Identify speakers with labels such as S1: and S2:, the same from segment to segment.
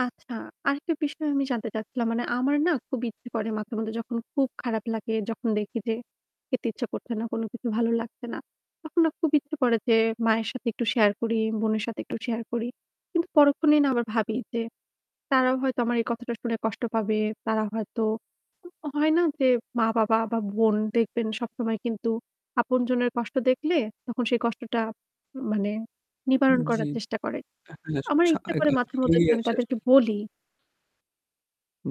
S1: আচ্ছা আরেকটা বিষয় আমি জানতে চাচ্ছিলাম মানে আমার না খুব ইচ্ছে করে মাঝে-মধ্যে যখন খুব খারাপ লাগে যখন দেখি যে খেতে ইচ্ছা করছে না কোনোকিছু ভালো লাগছে না, তখন না খুব ইচ্ছে করে যে মায়ের সাথে একটু শেয়ার করি, বোনের সাথে একটু শেয়ার করি। কিন্তু পরক্ষণেই না আবার ভাবি যে তারাও হয়তো আমার এই কথাটা শুনে কষ্ট পাবে, তারা হয়তো হয় না যে মা-বাবা বা বোন দেখবেন সবসময় কিন্তু আপনজনের কষ্ট দেখলে তখন সেই কষ্টটা মানে নিবারণ করার চেষ্টা করে।
S2: জ্বি
S1: আমার ইচ্ছা করে মাঝে মধ্যে
S2: [unintelligible]
S1: আমি
S2: আসে আর
S1: তাদেরকে
S2: কি।
S1: বলি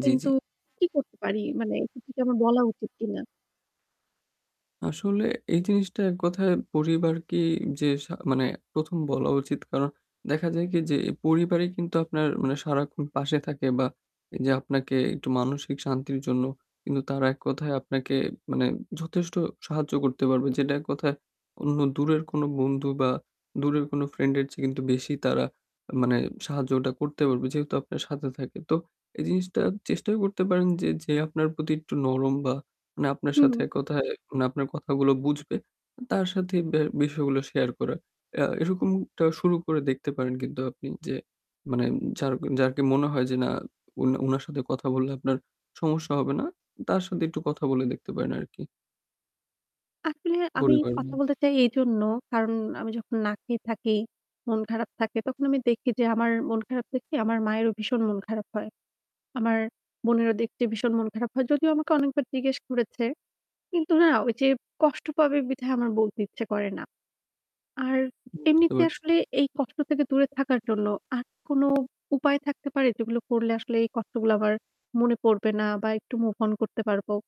S2: জ্বি,
S1: কিন্তু
S2: জ্বি।
S1: কি করতে পারি? মানে এক্ষেত্রে কি আমার বলা উচিত কিনা?
S2: আসলে এই জিনিসটা এক কথায় পরিবারকেই যে সা মানে ১ম বলা উচিত কারণ দেখা যায় কি যে এই পরিবারই কিন্তু আপনার মানে সারাক্ষণ পাশে থাকে বা যে আপনাকে একটু মানসিক শান্তির জন্য কিন্তু তারা এক কথায় আপনাকে মানে যথেষ্ট সাহায্য করতে পারবে। যেটা এক কথায় অন্য দূরের কোন বন্ধু বা দূরের কোনো ফ্রেন্ড এর চেয়ে কিন্তু বেশি তারা মানে সাহায্য ওটা করতে পারবে যেহেতু আপনার সাথে থাকে। তো এই জিনিসটা চেষ্টাও করতে পারেন যে, যে আপনার প্রতি একটু নরম বা মানে আপনার সাথে
S1: হুম।
S2: এক কথায় মানে আপনার কথাগুলো বুঝবে তার সাথে ব্যা বিষয়গুলো শেয়ার করা। এ এরকমটা শুরু করে দেখতে পারেন কিন্তু আপনি যে মানে যার, যাকে মনে হয় যে না উনা উনার সাথে কথা বললে আপনার সমস্যা হবে না তার সাথে একটু কথা বলে দেখতে পারেন আরকি।
S1: আসলে আমি কথা
S2: [unintelligible]
S1: বলতে চাই এইজন্য, কারণ আমি যখন না খেয়ে থাকি, মন খারাপ থাকে তখন আমি দেখি যে আমার মন খারাপ দেখতে আমার মায়েরও ভীষণ মন খারাপ হয়। আমার বোনেরও দেখতে ভীষণ মন খারাপ হয়। যদিও আমাকে অনেকবার জিজ্ঞেস করেছে। কিন্তু না ওই যে কষ্ট পাবে বিধায় আমার বলতে ইচ্ছে করে না। আর
S2: বুঝতে
S1: এমনিতে
S2: পারছি।
S1: আসলে এই কষ্ট থেকে দূরে থাকার জন্য আর কোন উপায় থাকতে পারে যেগুলো করলে আসলে এই কষ্টগুলো আমার মনে পড়বে না বা একটু মুভ অন করতে পারবো?